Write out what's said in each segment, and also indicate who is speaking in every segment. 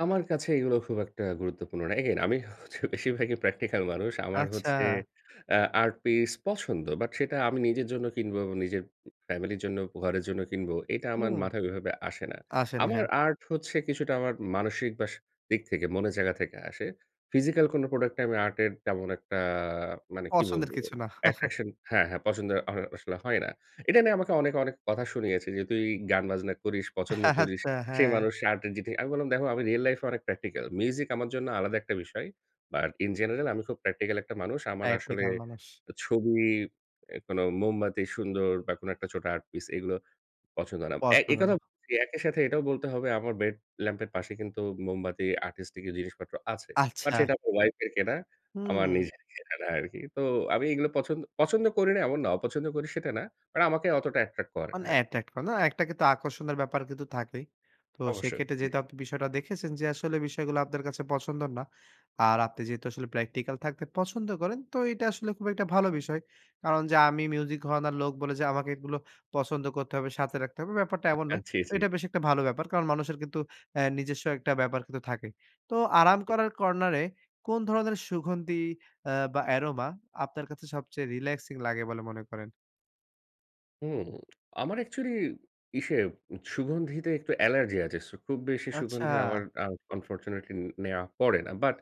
Speaker 1: আমার কাছে এগুলো খুব একটা গুরুত্বপূর্ণ নয়। এগেইন আমি হচ্ছে বেশিরভাগই প্র্যাকটিক্যাল মানুষ। আমার হচ্ছে
Speaker 2: আচ্ছা।
Speaker 1: আ আর্ট পিস পছন্দ, বাট সেটা আমি নিজের জন্য কিনবো, নিজের ফ্যামিলির জন্য, উপ ঘরের জন্য কিনব। এটা আমার
Speaker 2: হুম।
Speaker 1: মাথায় ওইভাবে আসে না।
Speaker 2: আসে না,
Speaker 1: আমার
Speaker 2: হ্যাঁ।
Speaker 1: আর্ট হচ্ছে কিছুটা আমার মানসিক বা সা দিক থেকে, মনের জায়গা থেকে আসে। ফিজিক্যাল কোনো প্রোডাক্টে আমি আর্টের তেমন একটা মানে কি
Speaker 2: পছন্দের
Speaker 1: বলবো,
Speaker 2: কিছু না।
Speaker 1: অ্যাট্রাকশন হ্যাঁ, হ্যাঁ, পছন্দ হয় আসলে হয় না। এটা নিয়ে আমাকে অনেকে, অনেক, কথা শুনিয়েছে যে, তুই গানবাজনা করিস, পছন্দ করিস।
Speaker 2: আচ্ছা,
Speaker 1: সেই
Speaker 2: হ্যাঁ।
Speaker 1: মানুষ [unintelligible] আমি বললাম, দেখো, আমি রিয়েল লাইফে অনেক প্র্যাকটিক্যাল। মিউজিক আমার জন্য আলাদা একটা বিষয়। but in general আমি খুব প্র্যাকটিক্যাল একটা মানুষ। আমার আসলে
Speaker 2: প্র্যাকটিকাল মানুষ।
Speaker 1: ছবি, অ্যা কোনো মোমবাতি সুন্দর, বা কোনো একটা ছোট আর্ট পিস এগুলো পছন্দ না,
Speaker 2: পথ
Speaker 1: অ্যা এ
Speaker 2: ভুলানো।
Speaker 1: কথাও জি একই সাথে এটাও বলতে হবে, আমার বেড ল্যাম্পের পাশে কিন্তু মোমবাতি, আর্টিস্টিকের জিনিসপত্র আছে। বাট
Speaker 2: আচ্ছা।
Speaker 1: সেটা আমার ওয়াইফের কেনা, আমার
Speaker 2: হু।
Speaker 1: নিজের কেনা না আরকি। তো আমি এগুলো পছন্দ, পছন্দ, করি না, এমন না। অপছন্দ করি, সেটা না। বাট আমাকে অতটা অ্যাট্রাক্ট করে না
Speaker 2: মানে
Speaker 1: আরকি।
Speaker 2: অ্যাট্রাক্ট করে না একটা কিন্তু আকর্ষণের ব্যাপার কিন্তু থাকেই। তো,
Speaker 1: অবশ্যই,
Speaker 2: সেক্ষেত্রে
Speaker 1: জি।
Speaker 2: যেহেতু আপনি বিষয়টি দেখেছেন যে আসলে বিষয়গুলো আপনার কাছে পছন্দ না, আর আপনি যেহেতু আসলে প্র্যাকটিক্যাল থাকতে পছন্দ করেন, তো এটা আসলে খুব একটা ভালো বিষয়। কারণ যে, আমি মিউজিক ধরণের লোক বলে যে আমাকে এগুলো পছন্দ করতে হবে বা সাথে রাখতে হবে, ব্যাপারটা এমন
Speaker 1: আ
Speaker 2: নয়।
Speaker 1: জি, জি।
Speaker 2: এটা বেশ একটা ভালো ব্যাপার, কারণ মানুষের কিন্তু অ্যা নিজস্ব একটা ব্যাপার কিন্তু থাকেই। তো, আরাম
Speaker 1: হু।
Speaker 2: করার কর্নারে কোন ধরনের সুগন্ধি আ বা অ্যারোমা আপনার কাছে সবচেয়ে রিল্যাক্সিং লাগে বলে মনে করেন?
Speaker 1: হুম, আমার অ্যাকচুয়ালি ইসে সুগন্ধিতে একটু অ্যালার্জি আছে। ছু খুব বেশি সুগন্ধি
Speaker 2: আচ্ছা।
Speaker 1: আমার, আ আনফরচুনেটলি, নেওয়া পড়ে না। বাট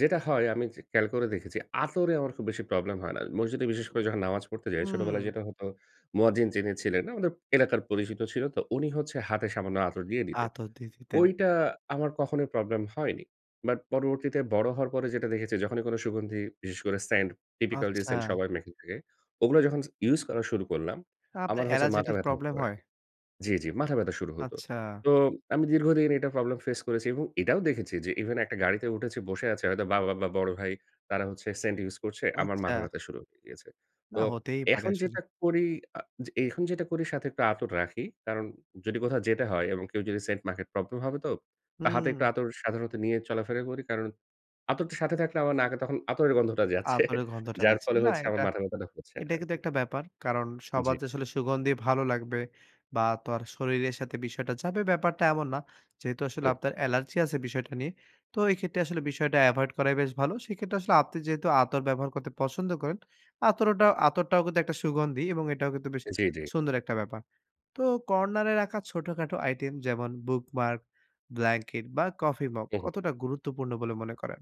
Speaker 1: যেটা হয়, আমি খেয়াল যে করে দেখেছি, আতরে আমার খুব বেশি প্রবলেম হয় না। মসজিদে, বিশেষ করে যখন নামাজ পড়তে যাই,
Speaker 2: হুম।
Speaker 1: ছোটবেলায় যেটা হতো, মুয়াজ্জিন যিনি ছিলেন না, উনি [unintelligible] এলাকার পরিচিত ছিল তো, উনি হচ্ছে হাতে সামান্য আতর দিয়ে দিতেন।
Speaker 2: আতর দিয়ে দিতেন।
Speaker 1: ওইটা আমার কখনোই প্রবলেম হয়নি। বাট পরবর্তীতে বড় হওয়ার পরে যেটা দেখেছি, যখনই কোনো সুগন্ধি, বিশেষ করে সেন্ট, টিপিক্যাল সেন্ট
Speaker 2: আচ্ছা।
Speaker 1: সবাই মেখে থাকে, ওগুলা যখন ইউজ করা শুরু করলাম,
Speaker 2: তা আপনার
Speaker 1: আমার হচ্ছে
Speaker 2: অ্যালার্জেটিক
Speaker 1: মাথাব্যথা হতো
Speaker 2: প্রবলেম
Speaker 1: আর
Speaker 2: হয়?
Speaker 1: জি, জি, মাথাব্যথা শুরু হতো।
Speaker 2: আচ্ছা।
Speaker 1: তো আমি দীর্ঘদিন এটা প্রবলেম ফেস করেছি। এবং এটাও দেখেছি যে, ইভেন একটা গাড়িতে উঠেছি, বসে আছে। হয়তো বা বা বা বড় ভাই, তারা হচ্ছে সেন্ট ইউজ করছে। আমার
Speaker 2: আচ্ছা।
Speaker 1: মাথাব্যথা শুরু হয়ে গিয়েছে।
Speaker 2: না,
Speaker 1: তো
Speaker 2: হতেই পারে
Speaker 1: এখন
Speaker 2: আসলে।
Speaker 1: যেটা করি, আ যে এখন যেটা করি সাথে একটু আতর রাখি। কারণ যদি কোথাও যেতে হয়, এবং কেউ যদি সেন্ট মাখে, প্রবলেম হবে তো, হাতে একটু
Speaker 2: হু।
Speaker 1: আতর সাধারণত নিয়ে চলাফেরা করি। কারণ আতরটা সাথে থাকলে আমার নাকে তখন আতরের গন্ধটা যাচ্ছে।
Speaker 2: আতরের গন্ধটা
Speaker 1: যার
Speaker 2: যাচ্ছে
Speaker 1: ফলে
Speaker 2: না। না,
Speaker 1: হচ্ছে, আমার
Speaker 2: এটা
Speaker 1: মাথাব্যথাটা হচ্ছে না
Speaker 2: এটা কিন্তু
Speaker 1: আরকি।
Speaker 2: একটা ব্যাপার। কারণ, সবার
Speaker 1: জি।
Speaker 2: যে আসলে সুগন্ধি ভালো লাগবে। বা তো আর শরীরের সাথে বিষয়টা যাবে, ব্যাপারটা এমন না। যেহেতু আসলে
Speaker 1: উম
Speaker 2: আপনার এলার্জি আছে বিষয়টা নিয়ে, তো এই ক্ষেত্রে আসলে বিষয়টা এভয়েড করাই বেশ ভালো। সে ক্ষেত্রে আসলে আপনি যেহেতু আতর ব্যবহার করতে পছন্দ করেন, আতরোটা আতরটাও কিন্তু একটা সুগন্ধি এবং এটাও কিন্তু বেশ
Speaker 1: জি, জি।
Speaker 2: সুন্দর একটা ব্যাপার। তো, কর্নারে রাখা ছোটখাটো আইটেম, যেমন, বুক মার্ক, ব্ল্যাঙ্কেট বা কফি মগ,
Speaker 1: উঁ হু।
Speaker 2: কতটা গুরুত্বপূর্ণ বলে মনে করেন?